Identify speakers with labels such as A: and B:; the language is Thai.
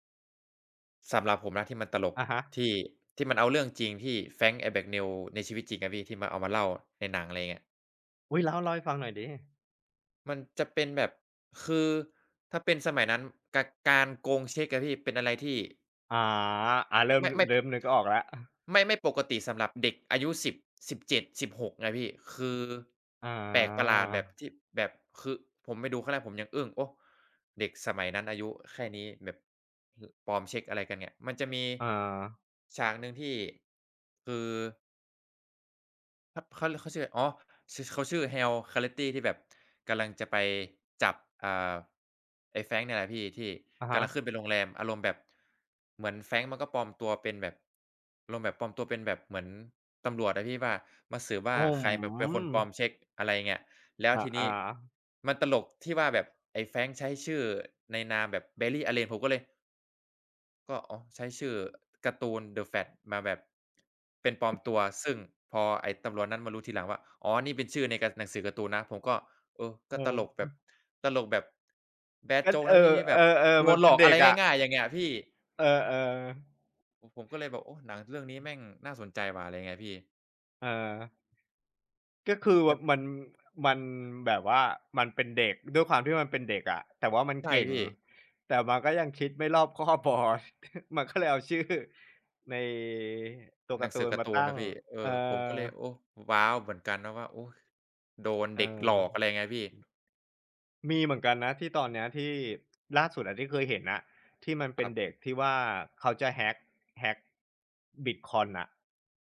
A: สำหรับผมนะที่มันตลก
B: อะฮ
A: ท
B: ะ
A: ี่ ที่มันเอาเรื่องจริงที่ Frank Abagnale ในชีวิตจริงอะพี่ ที่มันเอามาเล่าในหนัง อะไรอย่างเงี้ย
B: อุ๊ย เล่า เล่าให้ฟังหน่อยสิ
A: มันจะเป็นแบบ คือถ้าเป็นสมัยนั้นกะ การโกงเช็คอะพี่เป็นอะไรที่
B: อา อา เริ่
A: ไ
B: ม
A: ม่ ไม่
B: เริ่มนึกออกแล้ว อะ
A: ไม่ ไม่ปกติสำหรับเด็กอายุ 10 17 16 ไงพี่ คือ
B: อ
A: แปลกประหลาดแบบ
B: า
A: ที่ แบบ คือผมไปดูครั้งแรกผมยังอึ้ง โอ้ เด็กสมัยนั้น อายุแค่นี้แบบ ห ปลอมเช็ค อะไรกันเนี่ย มันจะมี
B: อา
A: ฉากหนึ่งที่ คือ ฮ เขาเรียก เขาชื่ออะไร? อ๋อ ช เขาชื่อ Carl Hanratty ที่แบบกำลังจะไปจับ อ่า ไอ้ Frank เนี่ยแหละพี่ที่
B: อะ
A: ก
B: ฮ
A: ำลัง
B: ะ
A: ขึ้นเป็นโรงแรม อารมณ์แบบเหมือน Frank มันก็ปลอมตัวเป็นแบบ อารมณ์แบบปลอมตัวเป็นแบบเหมือนตำรวจอะพี่ว่า มาสืบว่
B: โ
A: า
B: อ้
A: ใคร
B: โ
A: แบบเป็นคนปลอ
B: ฮ
A: มเช็ค อะไรอย่างเงี้ย แล้ว
B: อ
A: ทีนี้
B: า ๆ
A: มันตลกที่ว่าแบบไอ้ Frank ใช้ชื่อในนามแบบ Barry Allen ผมก็เลย ก็ อ๋อ ใช้ชื่อการ์ตูน The Flash มาแบบ เป็นปลอม
B: อือ
A: ตัว ซึ่งพอไอ้ตำรวจนั้นมารู้ทีหลังว่า อ๋อ นี่เป็นชื่อในกา หนังสือการ์ตูนนะ ผมก็ เออ ก
B: เอ
A: ็
B: อ
A: ตลก
B: ค
A: แบ
B: รั
A: บ
B: บ
A: ตลกแบบ แบด
B: ก็
A: โจ๊ก
B: เ
A: น
B: อ
A: ะพี่
B: อ
A: ที่แบ
B: เอ
A: บ
B: อ
A: โด
B: ๆ มั
A: น
B: นเ
A: หล
B: ป็
A: อ
B: น
A: ก
B: เ
A: อ
B: ด
A: ะไ
B: ็
A: ร
B: กอะ
A: ง่าย ๆ อย่างเงี้ยพี่
B: เออ ๆ
A: ผม ผมก็เลยแบบ โอ้ หนังเรื่องนี้
B: อื
A: แม
B: อ
A: ่งน่าสนใจว่ะ อะไรอย่างเงี้ยพี่
B: เออ ก็คือ
A: แต
B: ว
A: ่
B: มัน มัน แบบว่ามันเป็นเด็ก ด้วยความที่มันเป็นเด็กอะ แต่ว่ามัน
A: ใช่
B: เก่ง
A: พี่
B: แต่มันก็ยังคิดไม่รอบคอบพอ มันก็เลยเอาชื่อ ใน ตัว
A: ห
B: ก
A: นั
B: าร
A: ง
B: ์ต
A: ส
B: ู
A: ือ
B: น
A: การ
B: ม
A: ์
B: า
A: ตู
B: ต
A: น
B: ั้
A: นะ
B: ง
A: พี่ เอ
B: เออ
A: อ ผมก็เลย โอ้ ว้าว เหมือนกันนะว่า โอ๊ย โดน
B: เอ
A: เ
B: อ
A: ด็กหลอก อะไรอย่างเงี้ย พี่
B: อือ มีเหมือนกันนะที่ตอนเนี้ย ที่ล่าสุดอะ ที่เคยเห็นน่ะ ที่มันเ
A: ค
B: ป็
A: รั
B: น
A: บ
B: เด็กที่ว่า เขาจะ hack hack บิตคอยน์ น่ะ